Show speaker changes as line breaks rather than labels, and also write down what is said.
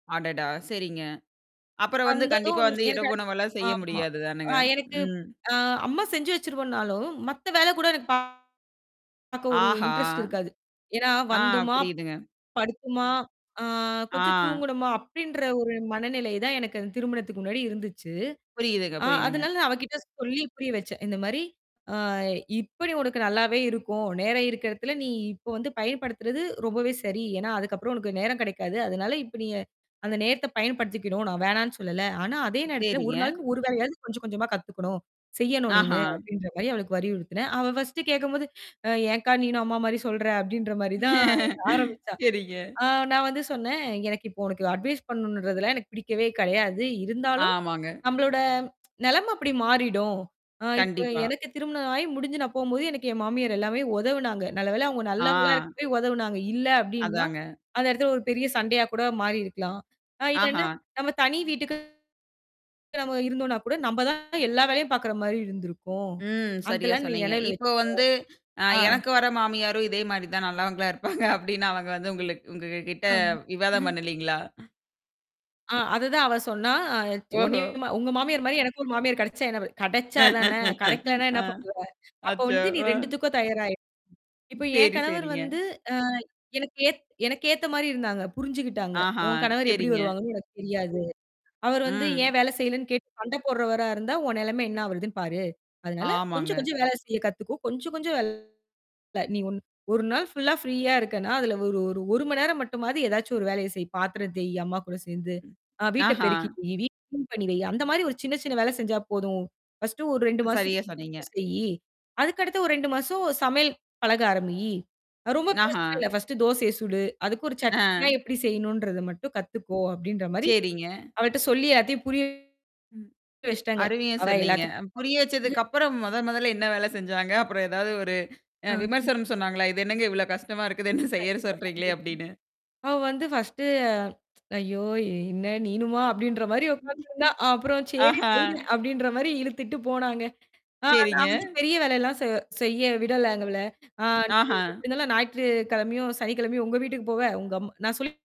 அடடா! சரிங்க. அப்புறம் வந்து கண்டிப்பா
வந்ததும்
வந்து
எனக்கு
இரவு
அடுத்
உணவெல்லாம் செய்ய
ஆமா.
முடியாது
அ
தானேங்க.
எனக்கு
ம்.
அ அம்மா செஞ்சு வச்சிருவன்னாலும் மத்த வேலை கூட எனக்குப் பாக்க ஒரு
ஆஹாஹா,
இன்டெரெஸ்ட் இருக்காது. ஏன்னா,
ஆ,
வந்துமா!
புரியுதுங்க.
படுத்துமா! அ கொஞ்சம்
ஆஹ்.
தூங்கனுமா! அப்படின்ற ஒரு மனநிலை தான் எனக்குத் திருமணத்துக்கு முன்னாடி இருந்துச்சு.
புரியுதுங்க,
அ
புரியுதுங்க.
அதனால அவகிட்ட சொல்லிப் புரிய வச்சேன். இந்த மாதிரி, அ இப்ப நீ உனக்கு நல்லாவே இருக்கும். நேரம் இருக்குறதுல நீ இப்போ வந்து பயன்படுத்துறது ரொம்பவே சரி. ஏன்னா, அதுக்கப்புறம் உனக்கு நேரம் கிடைக்காது. அதனால இப்ப நீ, அந்த நேரத்தை பயன்படுத்திக்கணும். நா வேணாம்னு சொல்லல. ஆனா அதே நேரத்துல, ஒரு
சரிங்க.
நாளைக்கு ஒரு வேலையாது கொஞ்சம் கொஞ்சமா கத்துக்கணும், செய்யணும் நீனு,
ஆஹா.
அப்படின்ற மாரி அவளுக்கு வலியுறுத்துனேன். அவ பர்ஸ்ட்டு கேக்கும்போது, ஏன்க்கா, நீனும் அம்மா மாதிரி சொல்றே? அப்படின்ற மாதிரி தான் ஆரம்பிச்சா.
சரிங்க.
ஆ, நான் வந்து சொன்னேன். எனக்கு இப்போ உனக்கு அட்வைஸ் பண்ணனும்ன்றது எல்லாம் எனக்குப் பிடிக்கவே கிடையாது. இருந்தாலும்,
ஆமாங்க.
நம்மளோட நிலைமை அப்படி மாறிடும். இப்போ
கண்டிப்பா.
எனக்குத் திருமணம் ஆகி முடிஞ்சு நான் போகும்போது எனக்கு என் மாமியார் எல்லாமே உதவுனாங்க. நல்லவேளை, அவங்க நல்லவங்களா
ஆஹ்.
இருக்கப்போயி, உதவுனாங்க. இல்ல அப்படின்னா,
அதாங்க.
அந்த இடத்துல ஒரு பெரிய சண்டையா கூட மாறி இருக்கலாம். அ இல்லைனா
ஆஹா.
நாம தனி வீட்டுக்குத் தான் நம்ம இருந்தோம்னா கூட நம்ம தான் எல்லா வேலையும் பாக்குற மாதிரி இருந்திருக்கும்.
ம்.
அந்த
சரியா
எல்லாம் நீ
சொன்னீங்க.
நெனவில வச்சுக்கோ.
இப்ப வந்து, அ
அ.
எனக்கு வர்ற மாமியாரும் இதே மாரிதான் நல்லவங்களா இருப்பாங்க அப்படின்னு அவங்க வந்து உங்களுக்கு உங்ககிட்ட
ஆமா.
விவாதம் பண்ணலீங்களா?
அ, அது தான் அவ சொன்னா.
ஓஹோ.
உன்னையும் உங்க மாமியார் மாரி எனக்கும் ஒரு மாமியார் கிடைச்சா என்ன ப கிடைச்சா தானே! கிடைக்கலனா என்ன
அ,
பண்ணுவ? அப்போ
அச்சோ.
வந்து நீ
அ.
2துக்கும் தயாரா இரு. இப்போ என்
சரி,
கணவர்
சரிங்க.
வந்து, அ எனக்கு ஏ எனக்கு ஏத்த மாதிரி இருந்தாங்க. புரிஞ்சுக்கிட்டாங்க.
ஆஹா.
உன் கணவர் எப்படி
சரிங்க.
வருவாங்கன்னு எனக்குத் தெரியாது. அவர் வந்து,
ம்.
ஏன் வேலை செய்யலைன்னு கேட்டுச் சண்டை போடுறவரா இருந்தா, உன் நிலைமை என்ன ஆகுறதுன்னு பாரு. அதனால
ஆமாங்க.
கொஞ்சம் கொஞ்சம் வேலை செய்யக் கத்துக்கோ. கொஞ்சம் கொஞ்சம் வேலை நீ ஒரு நாள் ஃபுல்லா ஃப்ரீயா இருக்கேனா, அதுல ஒரு ஒரு 1 மணி நேரம் மட்டும் மாதிரி எதாச்சும் ஒரு வேலையை செய், பாத்திரம் தேய், அம்மா கூடச் சேர்ந்து. அ வீட்டைப்
ஆஹா.
பெருக்கி வை, வீட்ட க்ளீன் பண்ணி வை. அந்த மாதிரி ஒரு சின்ன சின்ன வேலை செஞ்சா போதும். பர்ஸ்ட்டு ஒரு 2 மாசம்
சரியா சொன்னீங்க.
செய்யி, அதுக்கு அடுத்த ஒரு 2 மாசம் சமையல் பழக ஆரம்பி. ரொம்ப பெருசு
ஆஹா.
இல்ல. பர்ஸ்ட்டு தோசைய சுடு. அதுக்கு ஒரு சட்னினா
ஆஹ்.
எப்படி செய்யணும்ன்றதை மட்டும் கத்துக்கோ அப்படின்னு,
சரிங்க.
அவகிட்ட சொல்லி அதைப் புரிய
ம்.
வச்சிட்டாங்க.
அருமையா
அவ
சொன்னீங்க.
எல்லாத்துக்கும்
புரிய வச்சதுக்கு
[unintelligible]
அப்புறம் மொத மொதல்ல என்ன வேலை செஞ்சாங்க? அப்புறம் ஏதாவது ஒரு
ஆஹ.
விமர்சனம் சொன்னாங்களா? இது என்னங்க இவ்வளவு கஷ்டமா இருக்குது என்ன செய்யச்
கண்டிப்பா.
சொல்றீங்களே?
கண்டிப்பா.
அப்படின்னு.
அவ வந்து பர்ஸ்ட்டு, ஐயோ! என்ன நீனுமா? அப்படின்ற மாதிரி உக்காந்து இருந்தா. அப்புறம்
[unintelligible]
சரி
ஆஹா!
செய்றேன், அப்படின்னு இழுத்திட்டு போனாங்க. ஆ, நான்
சரிங்க.
வந்து பெரிய வேலை எல்லாம் செ செய்ய விடலங்க அவள. ஆ, நீங்க
ஆஹா.
எப்பிடி இருந்தாலும், [unintelligible] ஞாயிற்றுக்கிழமையும், சனி கிழமையும் உங்க வீட்டுக்குப் போவ, உங்க அம் நா சொல்